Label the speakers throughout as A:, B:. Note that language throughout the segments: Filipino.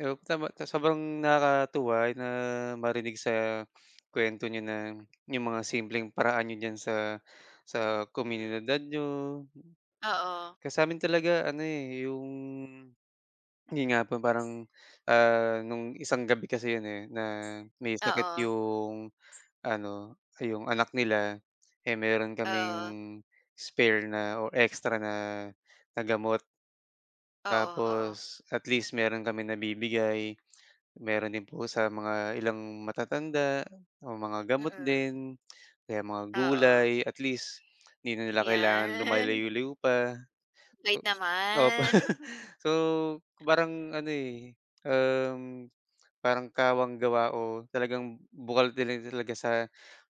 A: Op tama, tapos sobrang nakakatuwa na marinig sa kwento niyo na, yung mga simpleng paraan niyo diyan sa sa
B: Mm.
A: komunidad niyo.
B: Oo.
A: Kasi sa amin talaga ano, eh, yung, hindi nga po parang, ah, nung isang gabi kasi iyon, eh, na may sakit
B: Oo.
A: iyong ano, iyong anak nila, eh, meron kaming
B: Oo.
A: spare na o extra na na gamot.
B: Oo, oo.
A: Tapos, at least meron kaming nabibigay, meron din po sa mga ilang matatanda, o mga gamot
B: Mm.
A: din, o kaya mga
B: Oo.
A: gulay, at least, hindi na nila kailangan
B: Yan.
A: lumalayo-layo layo pa.
B: Bait
A: Opo.
B: naman.
A: So parang ano, eh, um, parang kawang gawa o talagang bukal din talaga sa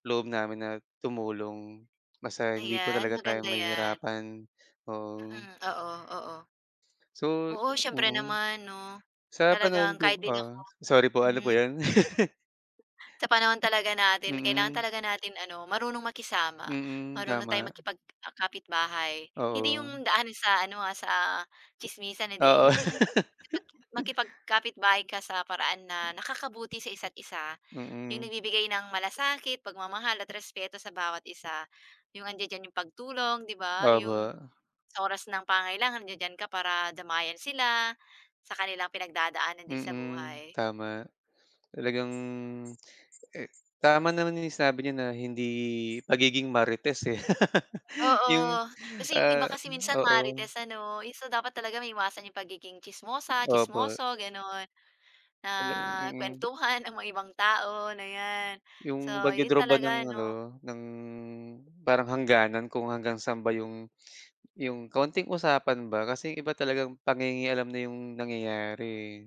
A: loob namin na tumulong. Basta hindi po
B: Ayan,
A: talaga tayo
B: maganda yan.
A: mahihirapan. Oo.
B: Mm. Oo, oo.
A: So
B: Oo. Siyempre
A: mm.
B: naman 'no.
A: Sa panahon
B: Talagang kahit
A: po,
B: din
A: ah
B: ako.
A: sorry po, ano po
B: Mm.
A: iyon?
B: Sa panahon talaga natin kailangan
A: Mm.
B: talaga natin ano, marunong makisama,
A: Mm.
B: marunong tayong
A: Tama.
B: makipag-kapitbahay, hindi yung
A: Oo.
B: daan sa ano, ah, sa tsismisan, hindi,
A: Oo.
B: yung, makipag makipag-kapitbahay ka sa paraan na nakakabuti sa isa't-isa, yung
A: Mm.
B: nagbibigay ng malasakit, pagmamahal, at respeto sa bawat isa, yung andiya-diyan iyong pagtulong, 'di ba? Yung
A: Opo.
B: sa oras ng pangangailangan nandiya-diyan ka para damayan sila, sa kanilang pinagdadaanan din sa
A: Mm.
B: buhay.
A: Tama. Talagang, eh, tama naman yung sinabi niyo na hindi pagiging marites, eh.
B: Oo.
A: Yung,
B: Kasi iyong iba
A: ah
B: kasi minsan
A: oo.
B: Marites ano? So dapat talaga maiwasan iyong pagiging tsismosa,
A: Opo.
B: tsismoso ganoon, na
A: N mm.
B: kwentuhan ng mga ibang tao na yan.
A: Iyong
B: So yun
A: pagdo-draw ba ng
B: talaga ano?
A: ano, ng parang hangganan kung hanggang saan ba iyong iyong kaunting usapan ba. Kasi yung iba talagang panginge-alam na iyong nangyayari, eh.